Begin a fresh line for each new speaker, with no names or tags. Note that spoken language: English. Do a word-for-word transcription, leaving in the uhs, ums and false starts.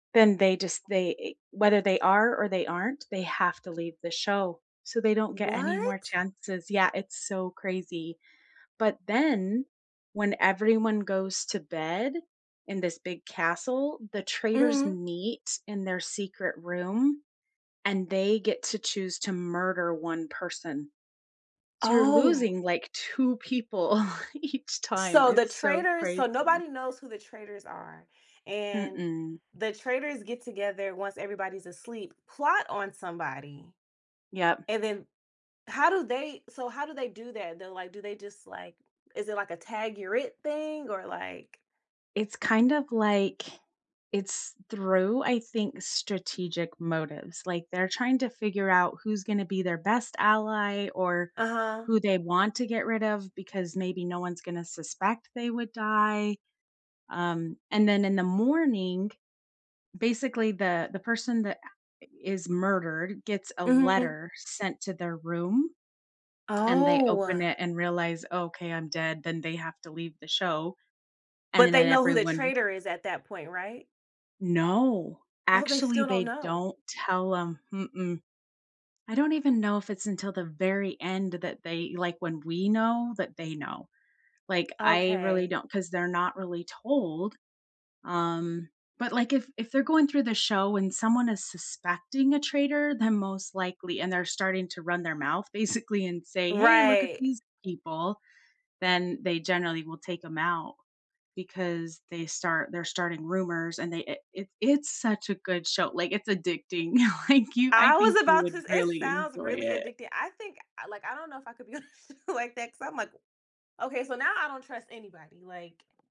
Then they just they whether they are or they aren't, they have to leave the show, so they don't get any more
What?
chances. Yeah, it's so crazy. But then, when everyone goes to bed in this big castle, the traitors
Mhm.
meet in their secret room, and they get to choose to murder one person. So you're
Oh.
losing, like, two people each time.
So the
It's so
traitors so
crazy.
nobody knows who the traitors are, and
Mm-mm.
the traitors get together once everybody's asleep, plot on somebody,
Yeah.
and then, how do they so how do they do that? They're, like do they just, like is it like a "tag, you're it," thing or like
It's kind of like, it's through, I think, strategic motives, like, they're trying to figure out who's gonna be their best ally or
Uh-huh.
who they want to get rid of, because maybe no one's gonna suspect they would die, um, and then in the morning, basically, the the person that i is murdered gets a
Mhm.
letter sent to their room. And they open
Oh.
it and realize, okay, I'm dead, then they have to leave the show, and
But they
then
know who the
everyone
traitor is at that point, right?
No,
Oh, they
actually,
still don't
they
know.
don't tell 'em, mm-mm. I don't even know if it's until the very end that they like when we know that they know. Like, I really
Okay.
don't 'cause they're not really told, um, but like if if they're going through the show and someone is suspecting a traitor, then most likely and they're starting to run their mouth basically and say, "Hey, look at
Right.
these people," then they generally will take them out. Because they start they're starting rumors and they it it it's such a good show, like, it's addicting. Like, you I
I
think
was
you
about to
would
it
really
sounds
enjoy
really
it.
addicting. I think I like, I don't know if I could be on a show like that 'cause I'm like, "Okay, so now I don't trust anybody, like"